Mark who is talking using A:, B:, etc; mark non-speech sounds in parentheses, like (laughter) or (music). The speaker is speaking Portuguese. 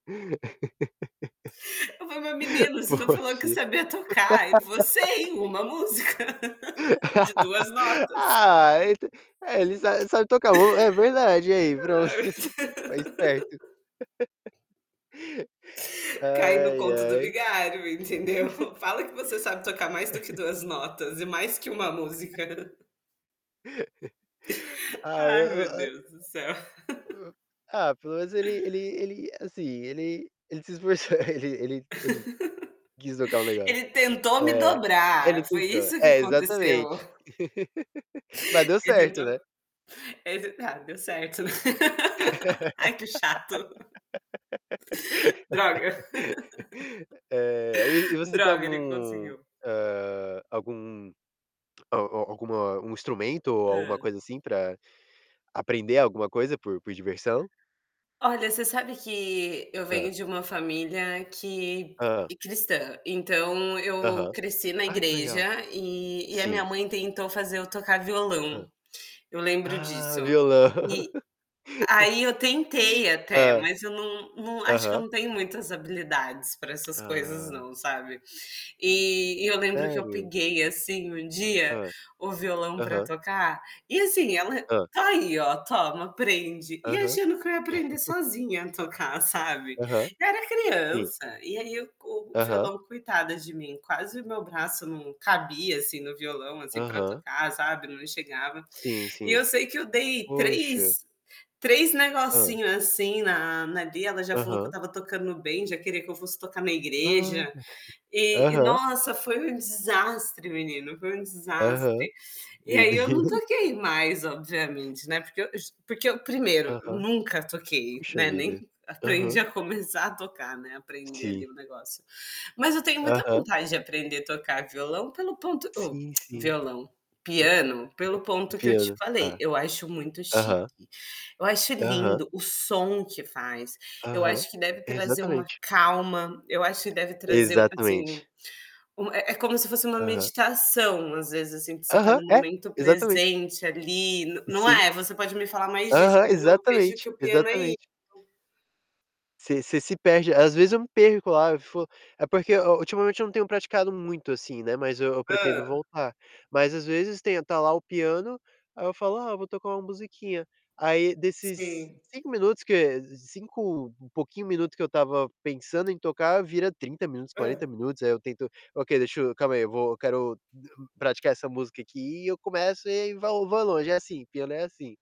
A: (laughs)
B: Eu falei: "Mas, menino, você não falou eu
A: Poxa.
B: queria tocar?" E ele falou:
A: (laughs)
B: "Sei, 1 música, (laughs) de 2
A: (laughs)
B: notas".
A: Ah e t é ele sa sabe tocar o é verdade, e aí? Pronto.
B: Ai.
A: (laughs) Foi esperto. (laughs)
B: (laughs) Caí no
A: Ai,
B: conto do
A: ai.
B: vigário, entendeu?
A: (chuckles)
B: Fala que você sabe tocar mais do que
A: (chuckles)
B: 2 notas e mais que 1
A: (chuckles)
B: música. (chuckles)
A: (laughs) Ai, o
B: Ai, meu
A: o o (unintelligible)
B: Deus do céu. (laughs)
A: hum, ah, pelo menos ele ele ele, assim, ele ele se esforçou, ele ele ele quis tocar um
B: (laughs)
A: negócio
B: Ele tentou me
A: é. Ele
B: dobrar, foi
A: tentou,
B: isso que
A: é
B: aconteceu.
A: exatamente.
B: (chuckles)
A: (laughs) Mas deu
B: Ele
A: certo, né.
B: tentou ele tentou ah, deu certo. (laughs) Ai que chato, Droga. (laughs)
A: (laughs) Eh, e v e você tem
B: Droga, ele
A: algum,
B: conseguiu.
A: hã, algum a a alguma um instrumento ou alguma
B: Hã.
A: coisa, assim, para aprender alguma coisa por por diversão?
B: Olha, você sabe que eu
A: Hã.
B: venho de uma família que
A: Hã.
B: de cristã. Então eu
A: Aham.
B: cresci na
A: Ah, que legal.
B: igreja e e a minha
A: Sim.
B: mãe tentou fazer eu tocar
A: Hã.
B: violão. Eu lembro
A: Ah,
B: disso.
A: violão.
B: E
A: (chuckles)
B: aí eu tentei até,
A: Hã,
B: mas eu não não acho que eu
A: aham.
B: não tenho muitas habilidades para essas coisas
A: Ah.
B: não, sabe. E e eu lembro que eu
A: Sério?
B: peguei, assim, um dia
A: Hã.
B: o violão para
A: Aham.
B: tocar, e assim ela:
A: Hã.
B: "Tá aí, ó, toma, aprende". E
A: Aham.
B: achando que eu ia aprender sozinha a tocar, sabe.
A: (chuckles) Aham,
B: Eu era
A: sim.
B: criança. E aí o
A: Aham.
B: violão coitada de mim, quase o meu braço não cabia, assim, no violão, assim, para
A: Aham.
B: tocar, sabe, não chegava.
A: Sim,
B: E eu
A: sim.
B: sei que eu dei
A: Poxa.
B: 3, 3
A: Hã.
B: negocinho, assim, na na ali, ela já falou que eu
A: Aham.
B: estava tocando bem, já queria que eu fosse tocar na
A: Olha.
B: igreja. E
A: (chuckles)
B: e,
A: Aham.
B: nossa, foi um desastre, menino, foi um
A: Aham.
B: desastre. E
A: Meu
B: aí eu não
A: Deus.
B: toquei mais obviamente, né, porque eu ju porque eu 1º,
A: Aham.
B: nunca toquei,
A: Puxa
B: né, nem
A: vida.
B: aprendi
A: Aham.
B: a começar a tocar, né, aprender
A: Sim.
B: ali o negócio. Mas eu tenho muita
A: Aham.
B: vontade de aprender tocar violão pelo ponto ô
A: Sim,
B: (clicks tongue)
A: sim.
B: violão.
A: O pi
B: Piano, pelo ponto que eu te
A: piano,
B: falei,
A: tá.
B: eu acho muito chique.
A: Aham.
B: Eu acho
A: Aham.
B: lindo o som que faz. Eu
A: Aham,
B: acho que deve trazer uma
A: exatamente.
B: calma. Eu acho que deve trazer uma, assim,
A: Exatamente.
B: uma é é como se fosse uma
A: Aham.
B: meditação, às vezes, assim, que você está
A: Aham,
B: no
A: é,
B: momento
A: exatamen
B: presente ali, no não
A: Sim.
B: é? Você pode me falar mais disso,
A: Aham,
B: mas eu vejo
A: exatamente,
B: que o piano é isso.
A: exatamente. Você você se perde. Às vezes eu me perco lá, eu fico é porque o ultimamente eu não tenho praticado muito, assim, né, mas eu eu pretendo
B: Hã.
A: voltar. Mas às vezes tem tá lá o piano, aí eu falo: "Ah, vou tocar uma musiquinha". Aí, desses
B: Sim.
A: 5 minutos que cinco um pouquinho minuto que eu estava pensando em tocar vira 30 minutos, 40
B: Hã.
A: minutos. Aí eu tento: "Ok, deixa eu calma aí, eu vou quero praticar essa música aqui". E eu começo e aí vo vou longe. É, assim, piano é assim.